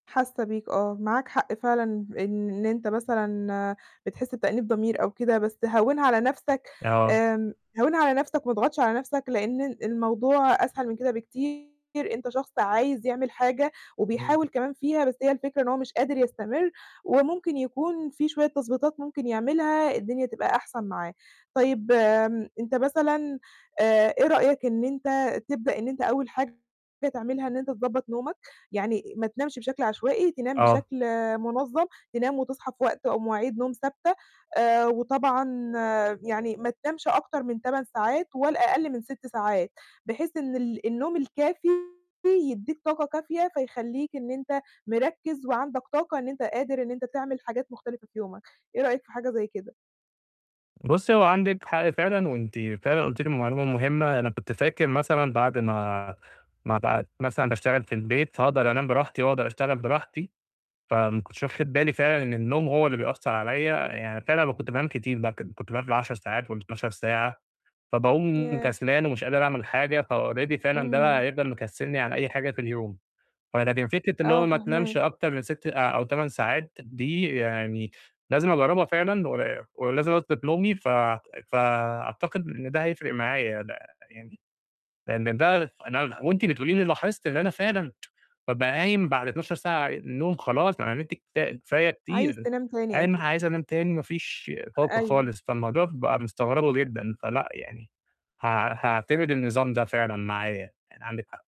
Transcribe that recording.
حاسّة بيك آه، معاك حق فعلًا إن أنت مثلًا بتحس بتأنيب ضمير أو كده، بس هوّنها على نَفسك آه. آمم، هوّنها على نَفسك وما تضغطش على نَفسك لأن ال الموضوع أسهل من كده بكتير، أنت شخص عايز يعمل حاجة امم. وبيحاول كمان فيها بس هي الفكرة إن هو مش قادر يستمر، وممكن يكون في شوية تضبيطات ممكن يعملها الدنيا تبقى أحسن معاه. طيب آمم، أنت مثلًا آآ، إيه رأيك إن أنت تبدأ إن أنت أول حاجة تعملها إن أنت تضبّط نومك، يعني ما تنامش بشكل عشوائي، تنام آه. بشكل منظّم تنام وتصحى في وقت أو مواعيد نوم ثابتة، آآ، وطبعًا يعني ما تنامش أكتر من 8 ساعات ولا أقل من 6 ساعات، بحيث إن ال النوم الكافي يدّيك طاقة كافية فيخلّيك إن أنت مركّز وعندك طاقة إن أنت قادر إن أنت تعمل حاجات مختلفة في يومك، إيه رأيك في حاجة زي كده؟ بُصّي، هو عندِك حق فعلًا وأنتِ فعلًا قُلتِ لي معلومة مهمة، أنا كنت فاكر مثلًا بعد ما ما بقيت مثلًا باشتغل في البيت فاقدر أنام براحتي واقدر أشتغل براحتي، فما كُنتش واخد بالي فعلًا إن النوم هو اللي بيأثّر عليّا، يعني فعلًا كنت بانام كتير، م كن كُنت بانام بال10 ساعات وال12 ساعة، فباقوم ياه! كسلان ومش قادر أعمل حاجة فalready فعلًا ده إمم. بقى يفضل مكسّلني عن أي حاجة في اليوم. فلكن فكرة اللي هو آه، ما تنامش فاهماك. أكتر من 6 أ أو 8 ساعات دي يعني لازم أجرّبها فعلًا، ول ولازم أضبط نومي ف فأعتقد إن ده هيفرق معايا ده يعني لأن ده أنا وأنتِ بتقولي لي لاحظت إن أنا فعلًا بابقى قايم بعد 12 ساعة نوم خلاص، أنا نِمت كفا كفاية عايز كتير، تنام تاني قايم أكي عايز أنام تاني ما فيش طاقة أيوه. خالص، فالموضوع بقى مستغربه جدًا. فلأ يعني، حاع حاعتمد النظام ده فعلًا معايا، يعني عندِك حق.